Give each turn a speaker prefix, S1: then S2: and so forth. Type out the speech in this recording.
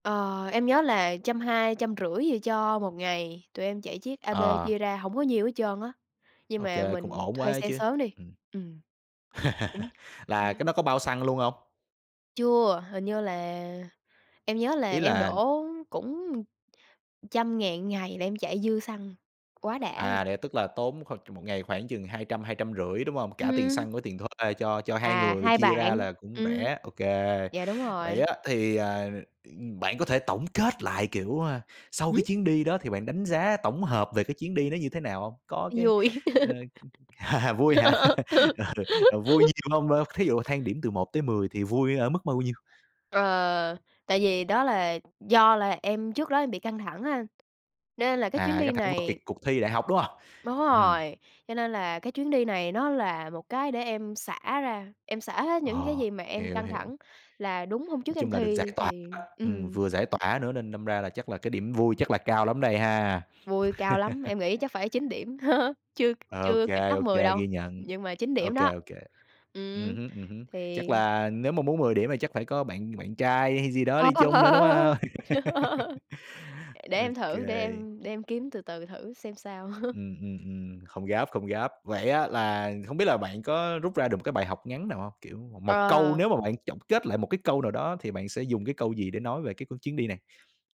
S1: Ờ, em nhớ là 120-150 gì cho 1 ngày. Tụi em chạy chiếc AB
S2: Ờ.
S1: chia ra hổng có nhiêu hết trơn á, nhưng
S2: OK,
S1: mà
S2: cũng
S1: mình
S2: ổn quá
S1: thuê
S2: á
S1: xe
S2: chứ.
S1: sớm đi.
S2: Ừm.
S1: Ừm. Cũng
S2: Là cái đó có bao xăng luôn hông?
S1: Chưa, hình như là em nhớ là
S2: Ý
S1: em
S2: là, ừm
S1: đổ cũng 100.000 một ngày là em chạy dư xăng, quá đã luôn.
S2: À, vậy tức là tốn khoảng 1 ngày khoảng chừng 200-250, đúng hông? Cả tiền
S1: Ừm.
S2: xăng với tiền thuê cho cho 2
S1: À,
S2: người
S1: 2
S2: chia ra
S1: bạn,
S2: là cũng
S1: ừm.
S2: rẻ, OK.
S1: Dạ, đúng
S2: Vậy
S1: rồi.
S2: á, thì, à, ừm, bạn có thể tổng kết lại, kiểu, a, sau cái
S1: Hửm?
S2: chuyến đi đó thì bạn đánh giá tổng hợp về cái chuyến đi nó như thế nào hông? Có cái,
S1: Nó vui.
S2: ờ, ừm vui hả? Ừ, ờ, vui nhiều hông? Ờ, thí dụ thang điểm từ 1 tới 10 thì vui ở mức bao nhiêu?
S1: Ờ, tại vì đó là do là em trước đó em bị căng thẳng á anh, nên là cái chuyến
S2: À, căng
S1: đi
S2: thẳng vào kiệt
S1: này
S2: cuộc thi đại học, đúng hông?
S1: Đúng
S2: Ừm.
S1: rồi. Cho nên là cái chuyến đi này nó là một cái để em xả ra, em xả hết những cái
S2: Ờ,
S1: gì mà em
S2: hiểu,
S1: căng
S2: hiểu.
S1: thẳng là đúng hôm trước
S2: Nói
S1: em
S2: chung là được giải
S1: thi
S2: tỏa
S1: thì
S2: á. Ừm,
S1: ừm.
S2: vừa giải tỏa nữa nên đâm ra là chắc là cái điểm vui chắc là cao lắm đây ha.
S1: Vui, cao lắm, em nghĩ chắc phải 9 điểm. Chưa
S2: OK,
S1: chưa kịch nóc
S2: OK,
S1: 10 đâu,
S2: ghi nhận.
S1: nhưng mà 9 điểm
S2: OK,
S1: đó.
S2: OK. Ừm
S1: Ừm,
S2: hứm, ừm hứm,
S1: thì
S2: chắc là nếu mà muốn 10 điểm thì chắc phải có bạn bạn trai hay gì đó đi chung nữa, đúng hông?
S1: Để em
S2: OK.
S1: thử, để em để em kiếm từ từ thử xem sao.
S2: Ừm, ừm, ừm, không gấp, không gấp. Vậy á, là hông biết là bạn có rút ra được một cái bài học ngắn nào hông? Kiểu, một câu
S1: Ờ.
S2: nếu mà bạn chọn kết lại một cái câu nào đó thì bạn sẽ dùng cái câu gì để nói về cái chuyến đi này?